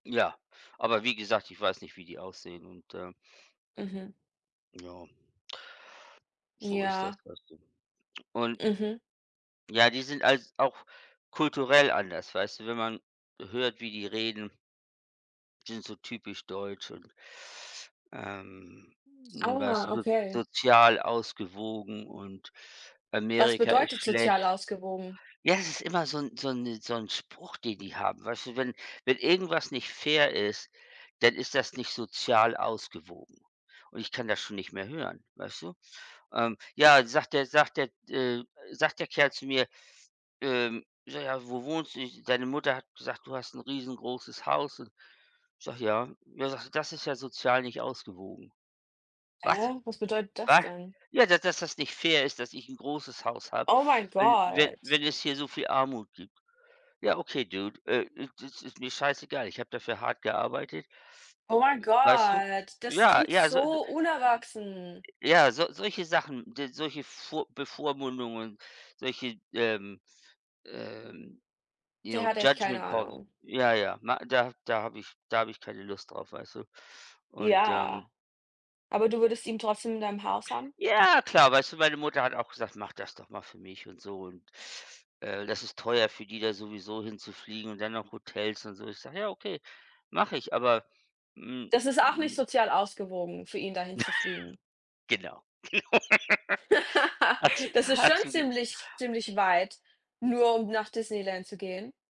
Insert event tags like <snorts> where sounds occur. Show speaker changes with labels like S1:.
S1: Ja. Aber wie gesagt, ich weiß nicht, wie die aussehen und, äh
S2: Mhm.
S1: Joa. So ist das
S2: Ja.
S1: Ganze. Und
S2: Mhm.
S1: ja, die sind als auch kulturell anders, weißt du? Wenn man hört, wie die reden die sind so typisch deutsch und ähm, was
S2: Aua,
S1: so
S2: okay.
S1: sozial ausgewogen und
S2: Was
S1: Amerika ist
S2: bedeutet sozial
S1: schlecht.
S2: ausgewogen?
S1: Ja, es ist immer so 'n so 'n so 'n Spruch, den die haben, weißt du? Wenn wenn irgendwas nicht fair ist, dann ist das nicht sozial ausgewogen und ich kann das schon nicht mehr hören, weißt du? Ähm, ja, sagt der sagt der äh, sagt der Kerl zu mir, ähm: „Ja, wo wohnst du? Ich deine Mutter hat gesagt, du hast 'n riesengroßes Haus und“ ich sage: „Ja.“ Ja, sagt er: „Das ist ja sozial nicht ausgewogen.“ Was?
S2: Hä, was bedeutet das
S1: Was?
S2: denn?
S1: Ja, dass das nicht fair ist, dass ich 'n großes Haus habe,
S2: Oh mein
S1: wenn wenn
S2: Gott!
S1: wenn es hier so viel Armut gibt. Ja, okay dude, äh, d das ist mir scheißegal. Ich habe dafür hart gearbeitet.
S2: Oh mein
S1: Weißt du?
S2: Gott, das
S1: Ja,
S2: klingt
S1: ja, also d d
S2: so unerwachsen.
S1: ja, so solche Sachen, so solche vor Bevormundungen, solche, ähm, äh,
S2: Der
S1: ja,
S2: hat echt keine
S1: Judgement Calls,
S2: Ahnung.
S1: ja, ja, ma da da habe ich da habe ich keine Lust drauf, weißt du? Und,
S2: Ja.
S1: ähm
S2: Aber du würdest ihn trotzdem in deinem Haus haben?
S1: Ja klar, weißt du, meine Mutter hat auch gesagt, mach das doch mal für mich und so und, äh, das ist teuer für die da sowieso hinzufliegen und dann noch Hotels und so. Ich sage: „Ja, okay, mach ich,“ aber, hm,
S2: Das ist auch nicht
S1: hm
S2: sozial ausgewogen für ihn, dahin zu fliegen.
S1: <snorts> Genau. <laughs>
S2: <laughs>
S1: Ach so,
S2: Das ist
S1: hast
S2: schon
S1: du g
S2: ziemlich ziemlich weit, nur um nach Disneyland zu gehen.